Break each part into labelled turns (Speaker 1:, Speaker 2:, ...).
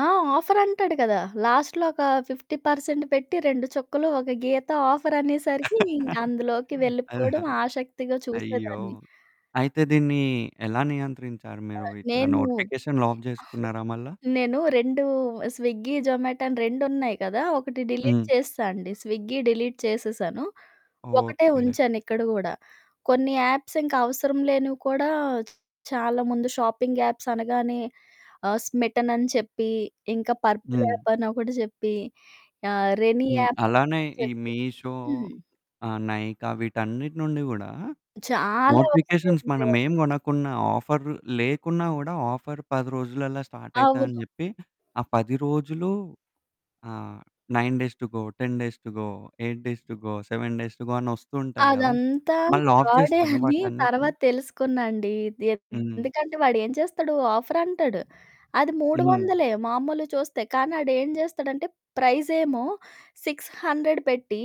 Speaker 1: ఆ! ఆఫర్ అంటాడు కదా! లాస్ట్‌లో ఒకా 50% పెట్టి, 2 చుక్కలు, ఒక గీత ఆఫరనేసరికీ ఇంక అందులోకి వెళ్ళిపోడం
Speaker 2: అల్హరి
Speaker 1: ఆషక్తిగా
Speaker 2: అయ్యో!
Speaker 1: చూసేదాన్ని.
Speaker 2: అయితే దీన్నీ ఎలా నియంత్రించారు
Speaker 1: ఆ!
Speaker 2: మీరు? ఇట్లా
Speaker 1: నేనూ
Speaker 2: నోటిఫికేషన్
Speaker 1: ఎ
Speaker 2: లాక్ జేసుకున్నారా మళ్ళా?
Speaker 1: నేను రెండూ స్విగ్గీ, జొమాటో అని రెండున్నాయి కదా! ఒకటి డిలీట్
Speaker 2: హ్మ్.
Speaker 1: చేసేశా అండి. స్విగ్గీ డిలీట్ చేసేశాను. ఒకటే
Speaker 2: ఓకే.
Speaker 1: ఉంచానిక్కడ గూడా. కొన్ని యాప్సింక అవసరం లేనివి కూడా చాలా ముందు షాపింగ్ యాప్సనగానే ఆహ్, స్మిటనని చెప్పీ, ఇంకా పర్పుల్
Speaker 2: హ్మ్.
Speaker 1: యాప్పని ఒకటి జెప్పి, ఆహ్, రెనీ
Speaker 2: హ్మ్.
Speaker 1: యాప్పని
Speaker 2: అలానే
Speaker 1: ఒకటి
Speaker 2: ఈ
Speaker 1: జెప్పి.
Speaker 2: మీషో
Speaker 1: హ్మ్.
Speaker 2: ఆహ్, నైకా వీటన్నిటి నుండి గూడా
Speaker 1: చాలా ఒస్తూ
Speaker 2: నోటిఫికేషన్స్
Speaker 1: ఉన్నాయి.
Speaker 2: మనమేం గొనకున్నా, ఆఫర్ లేకున్నా గూడా, ఆఫర్ 10 రోజులల్లా స్టార్టయితా అని
Speaker 1: అవును.
Speaker 2: జెప్పి, ఆ 10 రోజులు ఆహ్, 9 days to go, 10 days to go, 8 days to go, 7 days to go అనొస్తూ ఉంటాయి గదా!
Speaker 1: అదంతా
Speaker 2: మళ్ళాఫ్
Speaker 1: ఫ్రాడే
Speaker 2: జేస్తారా
Speaker 1: అని
Speaker 2: వాటన్నిటిని?
Speaker 1: తర్వాత తెలుసుకున్నా అండి. అది
Speaker 2: హ్మ్.
Speaker 1: ఎందుకంటే, వాడేం చేస్తడు, ఆఫరంటాడు. అది మూడు
Speaker 2: హ్మ్.
Speaker 1: వందలే మామలువి చూస్తే, కానీ ఆడేం జెస్తడంటే, ప్రైజేమో 600 పెట్టి,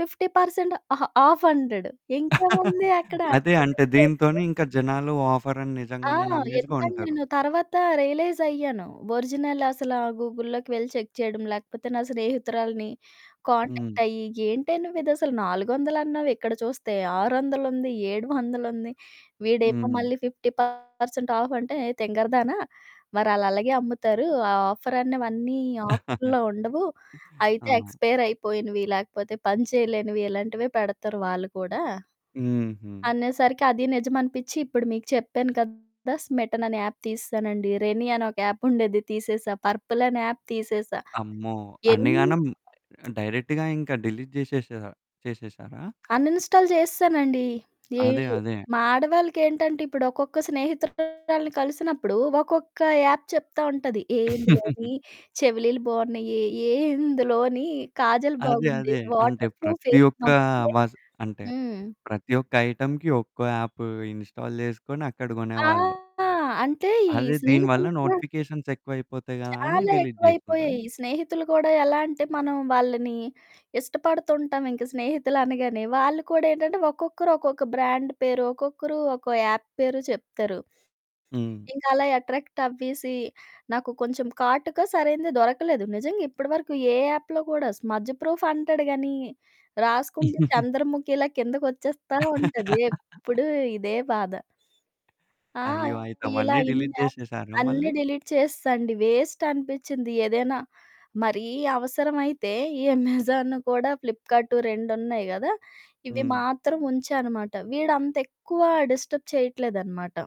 Speaker 1: 50% ఆ ఆఫంటాడు. ఇంకేముంది అక్కడా
Speaker 2: అదే అంటే, దీనితోని
Speaker 1: [unintelligible]
Speaker 2: ఇంక జనాలు ఆఫరని
Speaker 1: ఆ!
Speaker 2: నిజంగనే నమ్మేసి
Speaker 1: ఎందుకంటే,
Speaker 2: గొంటరు.
Speaker 1: నేను తర్వాత రియలైజయ్యాను. ఒరిజినల్ అసలా గూగుల్‌లోకి వెళ్ళి చెక్ చేయడం, లేకపోతే నా స్నేహితురాలిని
Speaker 2: హ్మ్.
Speaker 1: కాంటాక్టయ్యి ఏంటే నువ్విదసలు నాలుగొందలన్నావు, ఇక్కడ చూస్తే ఆరొందలుంది, ఏడు వందలుంది. వీడేమో
Speaker 2: హ్మ్.
Speaker 1: మళ్ళీ 50% ఆఫంటే, "ఏయ్! తింగరదాన, మరాళ్ళలగే అమ్ముతారు. ఆ ఆఫరన్నవన్నీ ఆఫరుల్లో ఉండవు. అయితే
Speaker 2: ఆ!
Speaker 1: ఎక్స్పైరయిపోయినివి, లేకపోతే పని చెయలేనివి, ఇలాంటివే పెడతారు వాళ్ళు కూడా"
Speaker 2: హుహు.
Speaker 1: అనేసరికి అదీ నిజమనిపిచ్చి, ఇప్పుడు మీకు చెప్పాను కదా! స్మిటననే యాప్ తీసేశానండి. రెనీ అని ఒక యాప్పుండేది తీసేశా. పర్పుల్ అనే యాప్ తీసేశా.
Speaker 2: అమ్మో!
Speaker 1: ఎన్
Speaker 2: అన్నిగానం డైరెక్ట్‌గా ఇంక డిలీట్ జేసేష చేసేశారా?
Speaker 1: అన్ఇన్‌స్టాల్ చేసేశానండి.
Speaker 2: అదే.
Speaker 1: ఏవీయు
Speaker 2: అదే.
Speaker 1: మా ఆడవాళ్ళకేంటంటే, ఇప్పుడొక్కొక్క స్నేహితురాలిని కలిసినప్పుడు, ఒక్కొక్కా యాప్ చెప్తా ఉంటది. ఏహ్! ఇందులోనీ చెవిలీలు బావున్నయీ, ఏహ్! ఇందులోని కాజల్
Speaker 2: అదే.
Speaker 1: బాగుంది,
Speaker 2: అదే. అంటే,
Speaker 1: వాటర్ ప్రూఫే,
Speaker 2: ప్రతి ఒక్కా
Speaker 1: మంచియే.
Speaker 2: వజ్ అంటే
Speaker 1: హ్మ్.
Speaker 2: ప్రతి ఒక్క ఐటెమ్‌కి ఒక్కో యాప్ ఇన్‌స్టాల్ చేసుకొని అక్కడ
Speaker 1: ఆ!
Speaker 2: గొనేవాళ్ళు.
Speaker 1: అంటే, ఈ
Speaker 2: అదే. దీని వల్ల
Speaker 1: స్నేహితులు కూడ
Speaker 2: నోటిఫికేషన్సెక్కువయిపోతాయి గదా అని
Speaker 1: చాలా
Speaker 2: డిలీట్ చేశారా?
Speaker 1: ఎక్కువైపోయాయి. స్నేహితులు కూడా ఎలా అంటే, మనం వాళ్ళని ఇష్టపడుతుంటాం ఇంక స్నేహితులనగానే. వాళ్ళు కూడా ఏంటంటే, ఒక్కొక్కరు ఒక్కొక్క బ్రాండ్ పేరో, ఒక్కొక్కరు ఒక్కో యాప్ పేరు చెప్తారు.
Speaker 2: హ్మ్.
Speaker 1: ఇంకలా ఎట్రాక్టవ్వేసీ, నాకు కొంచం కాటుక సరైనది దొరకలేదు. నిజంగా ఇప్పడవరకు ఏ యాప్‌లో గూడా స్మజ్ ప్రూఫ్ అంటాడు గానీ, రాసుకుంటే చంద్రముఖిలా కిందకొచ్చేస్తా ఉంటది. ఎప్పుడు ఇదే బాధ. ఆ!
Speaker 2: అయ్యో! అయితే
Speaker 1: ఇలా
Speaker 2: అవన్నీ
Speaker 1: ఇన్ని
Speaker 2: డిలీట్
Speaker 1: యాప్స్,
Speaker 2: జేసేషారా
Speaker 1: అన్నీ
Speaker 2: మళ్ళీ?
Speaker 1: డిలీట్ చేసేశా అండి, వేస్టనిపిచ్చింది. ఏదైనా మరీ అవసరమైతే ఈ అమెజాన్ కూడా ఫ్లిప్‌కార్ట్ రెండున్నాయి గదా! ఇవి
Speaker 2: హ్మ్.
Speaker 1: మాత్రం ఉంచానమాట. వీడు అంత ఎక్కువా డిస్టర్బ్ చెయట్లేదనమాట